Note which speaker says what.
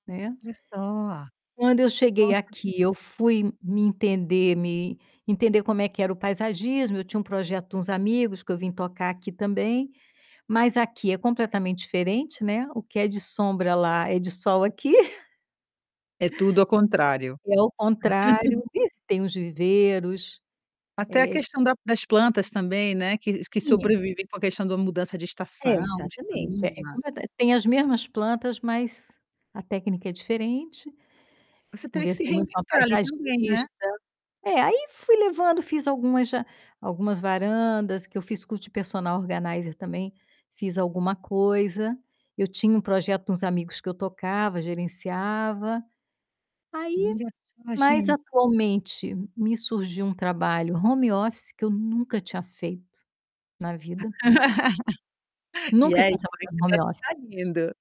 Speaker 1: Né?
Speaker 2: Olha só!
Speaker 1: Quando eu cheguei
Speaker 2: Nossa.
Speaker 1: aqui eu fui me entender me entender como é que era o paisagismo, eu tinha um projeto de uns amigos que eu vim tocar aqui também, mas aqui é completamente diferente, né, o que é de sombra lá é de sol aqui.
Speaker 2: É tudo ao contrário.
Speaker 1: É o contrário, isso tem os viveiros,
Speaker 2: Até a
Speaker 1: eh
Speaker 2: questão da das plantas também, né, que que
Speaker 1: Sim, é.
Speaker 2: sobrevivem com a questão da mudança de
Speaker 1: É
Speaker 2: estação, de
Speaker 1: exatamente, é
Speaker 2: clima.
Speaker 1: completa eh, tem as mesmas plantas mas, a técnica é diferente.
Speaker 2: Você teria que se
Speaker 1: Conversei muito com a
Speaker 2: reinventar ali, também, né?
Speaker 1: paisagista. É, aí fui levando, fiz algumas já algumas varandas que eu fiz curso de personal organizer também, fiz alguma coisa. Eu tinha um projeto com uns amigos que eu tocava, gerenciava. Aí
Speaker 2: Olha só,
Speaker 1: mas
Speaker 2: gen
Speaker 1: atualmente, me surgiu um trabalho home office que eu nunca tinha feito na vida.
Speaker 2: E
Speaker 1: Nunca tinha
Speaker 2: aí, também
Speaker 1: trabalhado
Speaker 2: o
Speaker 1: em home
Speaker 2: negocio
Speaker 1: office.
Speaker 2: tá indo.